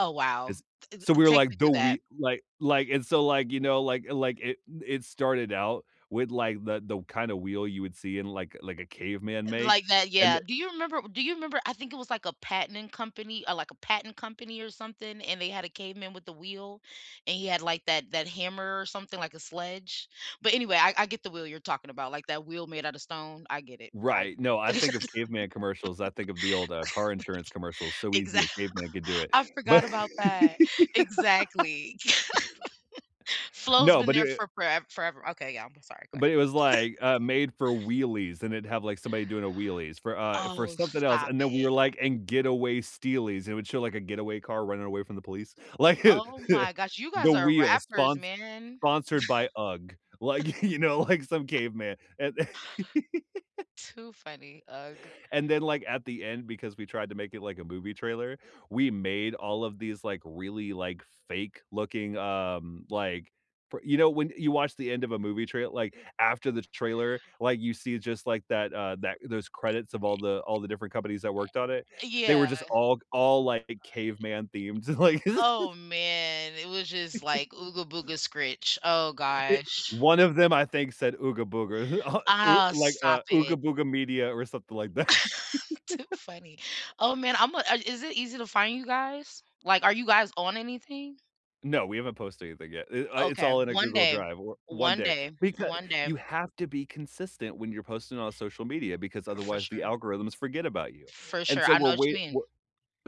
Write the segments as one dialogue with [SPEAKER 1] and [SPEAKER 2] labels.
[SPEAKER 1] Oh, wow!
[SPEAKER 2] It's
[SPEAKER 1] Th
[SPEAKER 2] so, we
[SPEAKER 1] th
[SPEAKER 2] were
[SPEAKER 1] take me
[SPEAKER 2] like, the
[SPEAKER 1] through that.
[SPEAKER 2] we like like, and so, like, you know, like like, it it started out with, like, the the kind of wheel you would see in, like like, a caveman make,
[SPEAKER 1] Like that,
[SPEAKER 2] and
[SPEAKER 1] yeah.
[SPEAKER 2] the
[SPEAKER 1] Do you remember do you remember I think it was, like, a patenting company or, like, a patent company or something, and they had a caveman with the wheel, and he had, like, that that hammer or something like a sledge? But anyway, I I get the wheel you're talking about, like that wheel made out of stone. I get it. I
[SPEAKER 2] Right. No,
[SPEAKER 1] get
[SPEAKER 2] I think of caveman commercials. I think of the old, uh, car insurance commercials, "So
[SPEAKER 1] like,
[SPEAKER 2] easy
[SPEAKER 1] exa
[SPEAKER 2] a caveman could do it,"
[SPEAKER 1] I
[SPEAKER 2] but
[SPEAKER 1] forgot about that. Exactly. Flow's
[SPEAKER 2] No.
[SPEAKER 1] been
[SPEAKER 2] But
[SPEAKER 1] there
[SPEAKER 2] it i
[SPEAKER 1] for fore forever Okay, yeah. I'm sorry. Go
[SPEAKER 2] but
[SPEAKER 1] ahead.
[SPEAKER 2] it was, like, uh, made for wheelies, and it'd have, like, somebody doing a wheelies for, uh, for
[SPEAKER 1] Oh,
[SPEAKER 2] something else,
[SPEAKER 1] stop
[SPEAKER 2] and then we
[SPEAKER 1] it.
[SPEAKER 2] were like and getaway steelies. It would show, like, a getaway car running away from the police, like,
[SPEAKER 1] Oh my gosh! You
[SPEAKER 2] the
[SPEAKER 1] guys are
[SPEAKER 2] wheels
[SPEAKER 1] rappers,
[SPEAKER 2] spons
[SPEAKER 1] man.
[SPEAKER 2] sponsored by UGG, like, you know, like some caveman and the
[SPEAKER 1] Too funny. UGG.
[SPEAKER 2] and then, like, at the end, because we tried to make it like a movie trailer, we made all of these, like, really, like, fake looking, um, like, p you know, when you watch the end of a movie trail like, after the t trailer, like, you see just, like, that, uh, that those
[SPEAKER 1] I i i
[SPEAKER 2] credits of all the all the different companies that worked on it.
[SPEAKER 1] eh eh
[SPEAKER 2] They were
[SPEAKER 1] yeah.
[SPEAKER 2] just
[SPEAKER 1] Uh i
[SPEAKER 2] all all like
[SPEAKER 1] uh
[SPEAKER 2] caveman themes. Like
[SPEAKER 1] oh, man. It was just, like, Ooga Booga scritch. Oh
[SPEAKER 2] i
[SPEAKER 1] gosh.
[SPEAKER 2] one of them, I think, said Ooga Booga.
[SPEAKER 1] Oh,
[SPEAKER 2] Like,
[SPEAKER 1] stop
[SPEAKER 2] uh, Ooga
[SPEAKER 1] it.
[SPEAKER 2] Booga Media or something like that.
[SPEAKER 1] Too funny. Oh man. I'm a uh, is it easy to find you guys? Like, are you guys on anything?
[SPEAKER 2] No, we haven't posted anything yet. Eh, uh, it's
[SPEAKER 1] Okay,
[SPEAKER 2] all in a
[SPEAKER 1] one
[SPEAKER 2] Google
[SPEAKER 1] day,
[SPEAKER 2] Drive. Or one
[SPEAKER 1] one
[SPEAKER 2] day
[SPEAKER 1] day,
[SPEAKER 2] becau
[SPEAKER 1] one day.
[SPEAKER 2] you have to be consistent when you're posting on social media because
[SPEAKER 1] For
[SPEAKER 2] otherwise, the
[SPEAKER 1] sure.
[SPEAKER 2] algorithms forget about you,
[SPEAKER 1] For
[SPEAKER 2] and
[SPEAKER 1] sure.
[SPEAKER 2] so,
[SPEAKER 1] I know
[SPEAKER 2] we're
[SPEAKER 1] whatcha
[SPEAKER 2] wait
[SPEAKER 1] mean.
[SPEAKER 2] we're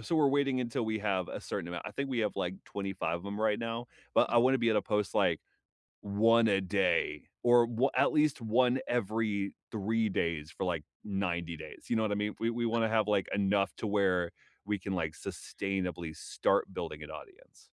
[SPEAKER 2] so, we're waiting until we have a certain amount. I think we have, like, 25 of 'em right now, but I
[SPEAKER 1] Mm.
[SPEAKER 2] wanna be able to post, like, 1 a day or wa at least 1 every 3 days for, like, 90 days, you know what I mean? We we
[SPEAKER 1] Uh
[SPEAKER 2] wanna have, like, enough to where we can, like, sustainably start building an audience.